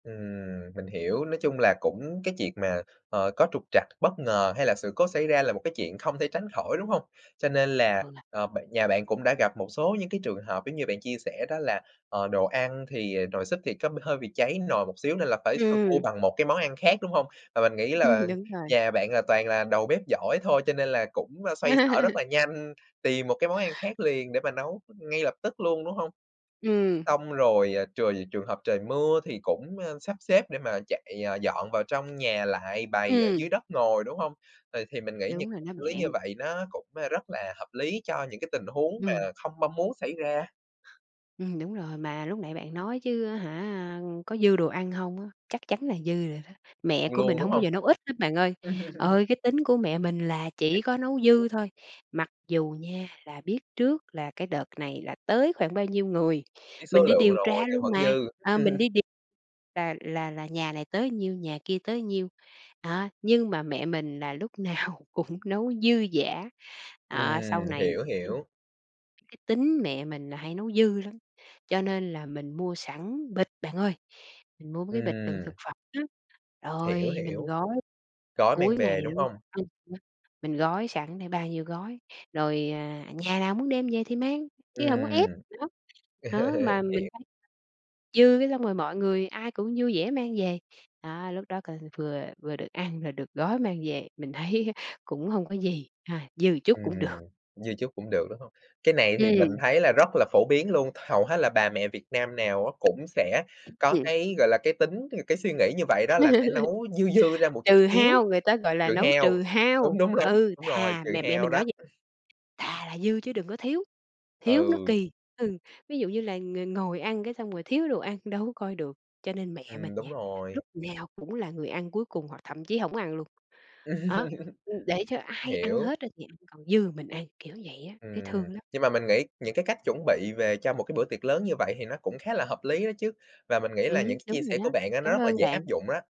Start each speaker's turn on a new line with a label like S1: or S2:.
S1: Ừm, mình hiểu, nói chung là cũng cái chuyện mà, ờ, có trục trặc, bất ngờ hay là sự cố xảy ra là một cái chuyện không thể tránh khỏi, đúng hông? Cho nên là,
S2: Ừ.
S1: ờ, bạn nhà bạn cũng đã gặp một số những cái trường hợp giống như bạn chia sẻ đó là, ờ, đồ ăn thì, ờ, nồi súp thì có b hơi bị cháy nồi một xíu nên là phải sơ cua
S2: Ừm.
S1: bằng một cái món ăn khác, đúng hông? Và mình nghĩ là
S2: Đúng rồi.
S1: nhà bạn là toàn là đầu bếp giỏi thôi, cho nên là cũng xoay xở rất là nhanh, tìm một cái món ăn khác liền để mà nấu ngay lập tức luôn, đúng hông?
S2: Ừm.
S1: Xong rồi, à, trời trường hợp trời mưa thì cũng, a, sắp xếp để mà chạy, ờ, dọn vào trong nhà lại bày ở dưới
S2: Ừm.
S1: đất ngồi, đúng hông? Ừ, thì mình nghĩ nh
S2: Đúng
S1: [unintelligible]
S2: rồi đó
S1: lý như
S2: bạn.
S1: vậy nó cũng, a, rất là hợp lý cho những cái tình huống mà
S2: Ừm.
S1: không mong muốn xảy ra.
S2: Ừm, đúng rồi, mà lúc nãy bạn nói chứ á hả, có dư đồ ăn hông á? Chắc chắn là dư rồi đó. Mẹ
S1: Xong
S2: của mình
S1: luôn, đúng
S2: hổng bao
S1: hông?
S2: giờ nấu ít hết bạn ơi, ờ, cái tính của mẹ mình là chỉ có nấu dư
S1: [unintelligible]
S2: thôi. Mặc dù nha là biết trước là cái đợt này là tới khoảng bao nhiêu người,
S1: Biết số
S2: mình đi
S1: lượng
S2: điều
S1: rồi
S2: tra
S1: nhưng
S2: luôn
S1: vẫn
S2: mà,
S1: dư.
S2: à, mình đi điều là là là nhà này tới nhiêu, nhà kia tới nhiêu, đó, nhưng mà mẹ mình là lúc nào cũng nấu dư dả. À, sau
S1: Ừm,
S2: này
S1: hiểu, hiểu.
S2: cái tính mẹ mình là hay nấu dư lắm, cho nên là mình mua sẵn bịch bạn ơi, mình mua mấy cái bịch đựng
S1: Ừm.
S2: thực phẩm á,
S1: Hiểu,
S2: rồi mình
S1: hiểu.
S2: gói
S1: Có mang
S2: cuối ngày
S1: về, đúng
S2: luôn.
S1: hông?
S2: [unintelligible] Mình gói sẵn để bao nhiêu gói, rồi, à, nhà nào muốn đem về thì mang, chứ hông có ép
S1: Ừm.
S2: nữa, đó, mà mình
S1: Hiểu.
S2: [unintelligible] dư cái xong rồi mọi người ai cũng vui vẻ mang về, đó, lúc đó coi vừa vừa được ăn, rồi được gói mang về, mình thấy á cũng hông có gì, a, dư một chút
S1: Ừm,
S2: cũng được.
S1: dư chút cũng được, đúng hông? Cái này thì mình
S2: Ừm.
S1: thấy là rất là phổ biến luôn, hầu hết là bà mẹ Việt Nam nào á cũng sẽ có
S2: Ừm.
S1: cái, gọi là, cái tính cái suy nghĩ như vậy, đó là sẽ nấu dư dư ra một chút
S2: Trừ
S1: xíu,
S2: hao, người ta, gọi là,
S1: trừ
S2: nấu
S1: hao.
S2: trừ
S1: Đúng,
S2: hao.
S1: đúng, đúng,
S2: Ừ,
S1: đúng rồi,
S2: thà
S1: trừ
S2: mẹ mẹ
S1: hao
S2: mình nói
S1: đó.
S2: vậy: "Thà là dư chứ đừng có thiếu, thiếu nó
S1: Ừ.
S2: kì." Ừ, ví dụ như là ng ngồi ăn cái xong rồi thiếu đồ ăn đâu có coi được, cho nên mẹ mình
S1: Ừm, đúng
S2: nha,
S1: rồi.
S2: lúc nào cũng là người ăn cuối cùng hoặc thậm chí hổng ăn luôn. Đó, ừm, để cho ai ăn
S1: Hiểu.
S2: hết á thì ăn, còn dư mình ăn, kiểu vậy á, thấy
S1: Ừm,
S2: thương lắm.
S1: nhưng mà mình nghĩ những cái cách chuẩn bị về cho một cái bữa tiệc lớn như vậy thì nó cũng khá là hợp lý đó chứ, và mình nghĩ là những
S2: Ừm,
S1: cái chia
S2: đúng rồi
S1: sẻ của
S2: đó,
S1: bạn á nó
S2: cảm
S1: rất là
S2: ơn
S1: dễ áp
S2: bạn.
S1: dụng á.